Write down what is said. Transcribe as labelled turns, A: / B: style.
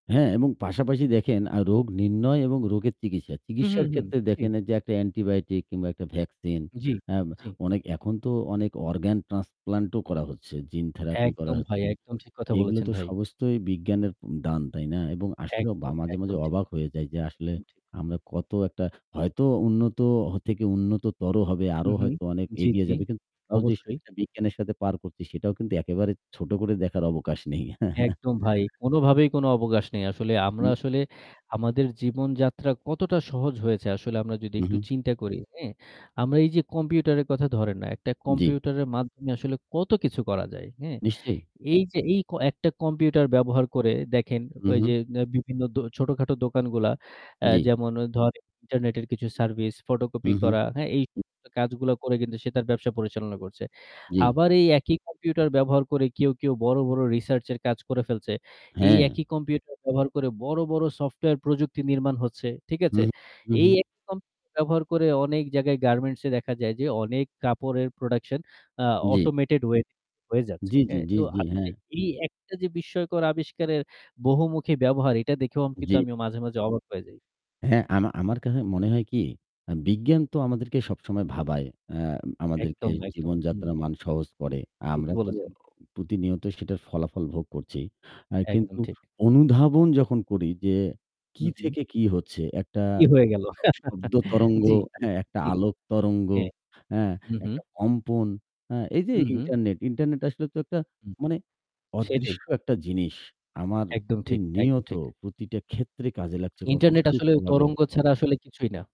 A: হ্যাঁ এবং পাশাপাশি
B: জী।
A: দেখেন আ রোগ নির্ণয় এবং রোগের চিকিৎসা।
B: উহু,
A: চিকিৎসার
B: হু,
A: ক্ষেত্রে
B: খুশি?
A: দেখেন যে একটা অ্যান্টিবায়োটিক কিংবা একটা ভ্যাকসিন,
B: জি,
A: হ্যাঁ, ব
B: জি।
A: অনেক এখন তো অনেক অর্গান ট্রান্সপ্লান্টও করা হচ্ছে, জিন থেরাপি করা
B: একদম ভাই,
A: হচ্ছে।
B: একদম ঠিক কথা
A: এগুলো
B: বলেছেন,
A: তো
B: ভাই।
A: সমস্তই বিজ্ঞানের দান, তাই না? এবং আসলে বা
B: একদম,
A: মাঝে,
B: একদম,
A: মাঝে,
B: ঠিক।
A: অবাক হয়ে যাই যে আসলে
B: একদম ঠিক।
A: আমরা কত একটা হয়তো উন্নত হ থেকে উন্নততর হবে, আরও
B: উহু।
A: হয়তো অনেক
B: জি,
A: এগিয়ে
B: জি।
A: যাবে। কিন্তু তাও যেস
B: অবশ্যই।
A: [unintelligible] বিজ্ঞানের সাথে পার করছি সেটাও কিন্তু একেবারে ছোট করে দেখার অবকাশ নেই।
B: একদম ভাই, কোনোভাবেই কোনো অবকাশ নেই। আসলে আমরা
A: [unintelligible]
B: আসলে আমাদের জীবনযাত্রা কতটা সহজ হয়েছে আসলে আমরা যদি
A: উম
B: একটু
A: হু।
B: চিন্তা করি, হ্যাঁ? আমরা এই যে কম্পিউটারের কথা ধরেন না, একটা
A: জী।
B: কম্পিউটারের মাধ্যমে আসলে কত কিছু করা যায়, হ্যাঁ?
A: নিশ্চয়ই।
B: এই যে, এই ক একটা কম্পিউটার ব্যবহার করে দেখেন, ওই যে
A: উহু।
B: অ্যা বিভিন্ন দো ছোটখাটো দোকানগুলা, অ্যা
A: জী।
B: যেমন ধরেন ইন্টারনেটের কিছু সার্ভিস, ফটোকপি
A: হু, হু।
B: করা, হ্যাঁ? এই কাজগুলা করে কিন্তু সে তার ব্যবসা পরিচালনা করছে।
A: জি।
B: আবার এই একই কম্পিউটার ব্যবহার করে কেউ, কেউ, বড়, বড় রিসার্চের কাজ করে ফেলছে। এই
A: হ্যাঁ।
B: একই কম্পিউটার ব্যবহার করে বড়, বড়, সফটওয়্যার প্রযুক্তি নির্মাণ হচ্ছে। ঠিক আছে?
A: উহু, হু,
B: এই
A: হুম।
B: একই কম্পিউটার ব্যবহার করে অনেক জায়গায় গার্মেন্টস-এ দেখা যায় যে, অনেক কাপড়ের production অ্যা
A: জী।
B: automated way হয়ে যাচ্ছে,
A: জি। জি, জি,
B: হ্যাঁ?
A: জি,
B: তো আ
A: জি, হ্যাঁ।
B: [unintelligible] এই একটা যে বিস্ময়কর আবিষ্কারের বহুমুখী ব্যবহার এটা দেখেও কিন্তু
A: জি।
B: আমিও মাঝে, মাঝে অবাক হয়ে যাই।
A: হ্যাঁ, আম আমার কাছে মনে হয় কি, আ বিজ্ঞান তো আমাদেরকে সবসময় ভাবায়, অ্যা আমাদেরকে
B: একদম, একদম। হুম।
A: জীবনযাত্রা মান সহজ করে। আমরা
B: ঠিকই
A: তো
B: বলেছেন।
A: প্রতিনিয়ত সেটার ফলাফল ভোগ করছি। আ
B: একদম
A: কিন্তু
B: ঠিক।
A: অনুধাবন যখন করি যে কী
B: হুম, হুম।
A: থেকে কী হচ্ছে, একটা
B: কি হয়ে গেল?
A: শব্দ তরঙ্গ,
B: জি,
A: হ্যাঁ, একটা
B: জি।
A: আলোক তরঙ্গ,
B: হ্যাঁ।
A: হ্যাঁ,
B: হুম,
A: একটা
B: হুম।
A: কম্পন, হ্যাঁ, এই যে
B: হুম, হুম।
A: ইন্টারনেট, ইন্টারনেট আসলে তো একটা
B: হুম।
A: মানে
B: সেটাই।
A: অদৃশ্য একটা জিনিস আমার
B: একদম ঠিক, একদম
A: প্রতিনিয়ত
B: ঠিক।
A: প্রতিটা ক্ষেত্রে কাজে লাগছে কত
B: ইন্টারনেট আসলে
A: সূক্ষ্মভাবে।
B: তরঙ্গ ছাড়া আসলে কিছুই না।